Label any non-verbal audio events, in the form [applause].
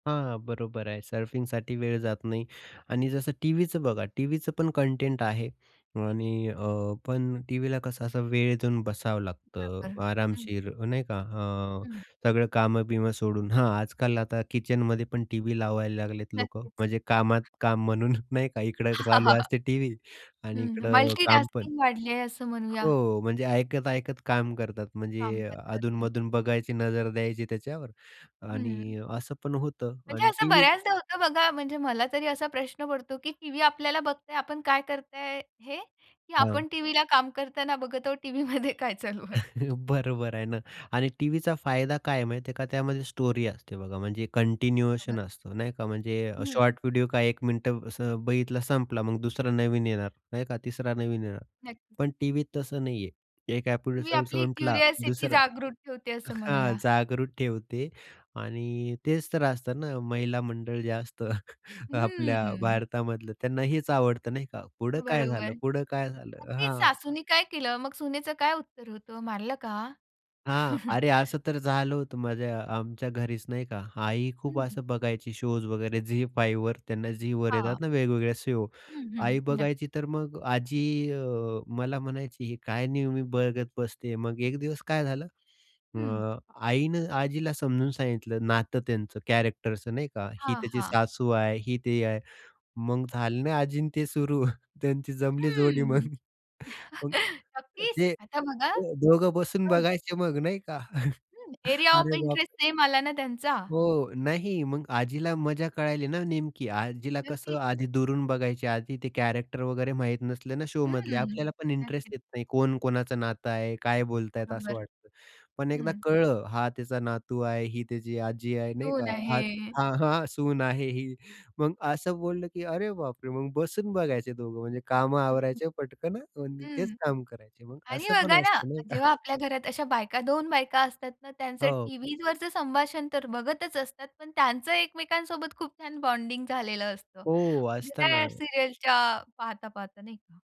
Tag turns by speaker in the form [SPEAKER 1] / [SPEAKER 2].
[SPEAKER 1] हां, हां बरोबर आहे सर्फिंगसाठी वेळ जात नाही आणि जसं टीव्हीचं बघा, टीव्हीचं पण कंटेंट आहे आणि अ, पण टीव्हीला कसं असं वेळ देऊन बसावं लागतं
[SPEAKER 2] बरोबर. हं.
[SPEAKER 1] आरामशीर नाही का. अ,
[SPEAKER 2] हं.
[SPEAKER 1] सगळं काम-बीम सोडून हां, आजकाल आता किचनमध्ये पण टीव्ही लावायला लागलेत लोकं
[SPEAKER 2] नक्कीच.
[SPEAKER 1] म्हणजे कामात काम म्हणून नाही का इकडं चालू
[SPEAKER 2] [chuckles]
[SPEAKER 1] असते टीव्ही
[SPEAKER 2] हं,
[SPEAKER 1] आणि
[SPEAKER 2] हं.
[SPEAKER 1] इकडं
[SPEAKER 2] मल्टी
[SPEAKER 1] काम पण.
[SPEAKER 2] टास्किंग वाढली आहे असं म्हणूया.
[SPEAKER 1] हो, म्हणजे ऐकत-ऐकत काम करतात.
[SPEAKER 2] काम
[SPEAKER 1] म्हणजे
[SPEAKER 2] पण करतात.
[SPEAKER 1] अधून-मधून बघायची नजर द्यायची त्याच्यावर
[SPEAKER 2] हं.
[SPEAKER 1] आणि अ, असं पण होतं
[SPEAKER 2] म्हणजे
[SPEAKER 1] आणि
[SPEAKER 2] असं
[SPEAKER 1] टीव्ही
[SPEAKER 2] बऱ्याचदा होतं बघा, म्हणजे मला तरी असा प्रश्न पडतो की टीव्ही आपल्याला बघतंय, आपण काय करताय हे, की
[SPEAKER 1] हां.
[SPEAKER 2] आपण टीव्हीला काम करतांना बघत आहोत टीव्हीमध्ये काय चालू आहे.
[SPEAKER 1] [chuckles] बरोबर आहे ना. आणि टीव्हीचा फायदा काय आहे माहिती आहे का, त्यामध्ये स्टोरी असते बघा, म्हणजे कंटिन्युएशन
[SPEAKER 2] बरोबर.
[SPEAKER 1] असतो नाही का. म्हणजे
[SPEAKER 2] हं, हं.
[SPEAKER 1] शॉर्ट व्हिडिओ का एक मिनिट असं बघितला, संपला मग दुसरा नवीन येणार नाही क?. तिसरा नवीन येणार.
[SPEAKER 2] नक्कीच.
[SPEAKER 1] पण टीव्हीत तसं नाहीये एक
[SPEAKER 2] टीव्ही
[SPEAKER 1] एपिसोड
[SPEAKER 2] आपली
[SPEAKER 1] संपला
[SPEAKER 2] क्युरिओसिटी
[SPEAKER 1] दुसरा
[SPEAKER 2] जागृत ठेवते असं
[SPEAKER 1] हां,
[SPEAKER 2] म्हणूया.
[SPEAKER 1] जागृत ठेवते आणि तेच तर असतं ना, महिला मंडळ जे असतं [chuckles] आपल्या
[SPEAKER 2] हं.
[SPEAKER 1] भारतामधलं त्यांना हेच आवडतं नाही का, पुढं काय
[SPEAKER 2] बरोबर.
[SPEAKER 1] झालं? पुढं काय झालं?
[SPEAKER 2] नक्कीच
[SPEAKER 1] हां.
[SPEAKER 2] सासूनी काय केलं, मग सुनेचं काय उत्तर होतं? मारलं का?
[SPEAKER 1] हां, अरे
[SPEAKER 2] [chuckles]
[SPEAKER 1] असं तर झालं होतं माझ्या अ, आमच्या घरीच नाही का, आई
[SPEAKER 2] हं,
[SPEAKER 1] खूप
[SPEAKER 2] हं.
[SPEAKER 1] असं बघायची शोज वगैरे झी-5 वर. त्यांना झीवर
[SPEAKER 2] हां.
[SPEAKER 1] येतात ना, वेगवेगळ्या शो.
[SPEAKER 2] हं, हं
[SPEAKER 1] आई
[SPEAKER 2] नक्क
[SPEAKER 1] बघायची तर मग अ, आजी अ, मला म्हणायची, "ही काय नेहमी बघत बसते." मग एक दिवस काय झालं
[SPEAKER 2] हं.
[SPEAKER 1] अ, आईनं आजीला समजून सांगितलं नातं त्यांचं कॅरेक्टरचं नाही का, "ही
[SPEAKER 2] हां,
[SPEAKER 1] त्याची
[SPEAKER 2] हां.
[SPEAKER 1] सासू आहे, ही ते आहे," मग झाले आजी अन ते सुरु. त्यांची जमली जोडी मग
[SPEAKER 2] हं.
[SPEAKER 1] [chuckles] मग
[SPEAKER 2] [chuckles]
[SPEAKER 1] मग
[SPEAKER 2] नक्कीच
[SPEAKER 1] ते
[SPEAKER 2] आता बघा
[SPEAKER 1] दोघं बसून
[SPEAKER 2] हो.
[SPEAKER 1] बघायचे मग नाही का. [chuckles]
[SPEAKER 2] हं, एरिया ऑफ
[SPEAKER 1] अरे
[SPEAKER 2] इंटरेस्ट
[SPEAKER 1] बापरे!
[SPEAKER 2] सेम आला ना त्यांचा.
[SPEAKER 1] हो. नाही, मग आजीला मजा कळाली ना, नेमकी आजीला कसं
[SPEAKER 2] नक्की.
[SPEAKER 1] आधी दुरून बघायची आधी ते कॅरेक्टर वगैरे माहीत नसले ना शो मधले
[SPEAKER 2] हं.
[SPEAKER 1] आपल्याला पण इंटरेस्ट
[SPEAKER 2] नक्कीच.
[SPEAKER 1] येत नाही, कोण कोणाचं नातं आहे, काय बोलतायत असं
[SPEAKER 2] बरोबर.
[SPEAKER 1] वाटतं. पण एकदा
[SPEAKER 2] हं.
[SPEAKER 1] कळंल हा त्याचा नातू आहे, ही त्याची आजी आहे नाही
[SPEAKER 2] सून
[SPEAKER 1] का हां,
[SPEAKER 2] आहे.
[SPEAKER 1] हां, हां. सून आहे ही मग असं बोललं की अरे बापरे! मग बसून बघायचे दोघं म्हणजे काम
[SPEAKER 2] हं, हं.
[SPEAKER 1] आवरायचे पटकन आणि तेच
[SPEAKER 2] हं.
[SPEAKER 1] काम करायचे मग
[SPEAKER 2] आणि
[SPEAKER 1] असं
[SPEAKER 2] बघा
[SPEAKER 1] पण
[SPEAKER 2] ना,
[SPEAKER 1] असतं नाही का.
[SPEAKER 2] जेव्हा आपल्या घरात अशा बायका 2 बायका असतात ना, त्यांचं
[SPEAKER 1] हो.
[SPEAKER 2] टीव्हीवरच संभाषण तर बघतच असतात पण त्यांचं एकमेकांसोबत खूप छान बॉन्डिंग झालेलं असतं.
[SPEAKER 1] हो, असत
[SPEAKER 2] त्या
[SPEAKER 1] ना.
[SPEAKER 2] सीरियलच्या पाहता, पाहता नाही का.